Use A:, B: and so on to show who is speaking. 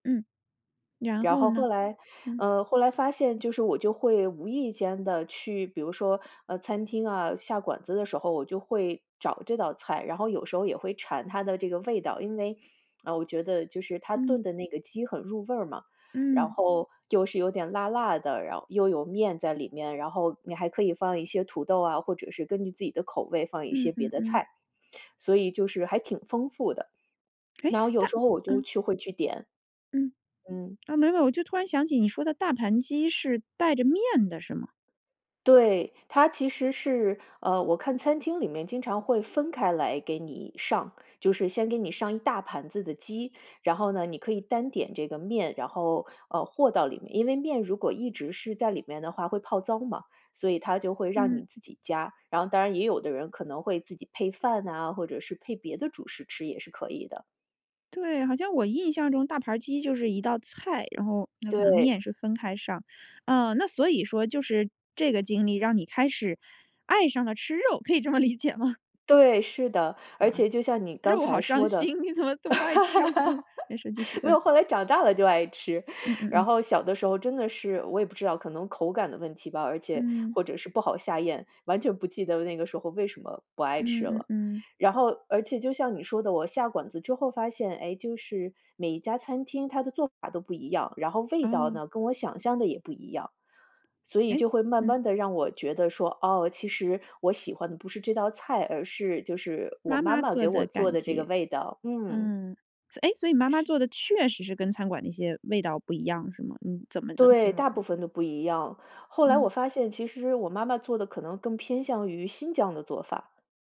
A: 嗯。然
B: 然
A: 后
B: 后
A: 呢？
B: 后来
A: 嗯。
B: 呃，后来发现就是我就会无意间地去比如说，呃，餐厅啊，下馆子的时候我就会找这道菜，然后有时候也会馋它的这个味道。因为，呃，我觉得就是他
A: 嗯。
B: 炖的那个鸡很入味儿嘛，然
A: 嗯。
B: 后又是有点辣辣的，然后又有面在里面，然后你还可以放一些土豆啊，或者是根据自己的口味放一
A: 嗯
B: 些别
A: 嗯
B: 的
A: 嗯。
B: 菜。所以就是还挺丰富的。
A: 哎，
B: 那有
A: 但
B: 时候我就
A: 嗯。
B: 去会去点。
A: 嗯。
B: 嗯。
A: 哦，没有，我就突然想起你说的大盘鸡是带着面的，是吗？
B: 对，它其实是，呃，我看餐厅里面经常会分开来给你上。就是先给你上一大盘子的鸡，然后呢你可以单点这个面，然后，呃，和到里面。因为面如果一直是在里面的话会泡糟嘛，所以他就会让
A: 嗯。
B: 你自己加。然后当然也有的人可能会自己配饭啊，或者是配别的主食吃也是可以的。
A: 对，好像我印象中大盘儿鸡就是一道菜，然后那可能
B: 对。
A: 面是分开上。哦，那所以说就是这个经历让你开始爱上了吃肉，可以这么理解吗？
B: 对，是的。而
A: 哇，
B: 且就像你刚
A: 肉好
B: 才
A: 伤
B: 说的
A: 心，你怎么都不爱吃哇，没事 继续，
B: 没
A: 嗯。
B: 有，后来长大了就爱吃。
A: 嗯嗯
B: 然
A: 嗯。
B: 后小的时候真的是我也不知道可能口感的问题吧而且
A: 嗯。
B: 或者是不好下咽，完全不记得那个时候为什么不爱
A: 嗯
B: 吃
A: 嗯
B: 了。
A: 嗯。
B: 然后而且就像你说的，我下馆子之后发现，哎，就是每一家餐厅它的做法都不一样，然后味道
A: 啊。
B: 呢，跟我想象的也不一样。所以
A: 哎
B: 就会慢
A: 嗯。
B: 慢地让我觉得说，哦，其实我喜欢的不是这道菜，而是就是我
A: 妈
B: 妈
A: 妈
B: 妈
A: 做
B: 给我
A: 的
B: 做
A: 感
B: 的这个
A: 觉。
B: 味道。嗯。
A: 嗯，哎，所以你妈妈
B: 是。
A: 做的确实是跟餐馆那些味道不一样是吗？你怎么能
B: 对，
A: 形容
B: 大部
A: 呢？
B: 分都不一样。后来我
A: 嗯。
B: 发现其实我妈妈做的可能更偏向于新疆的做法。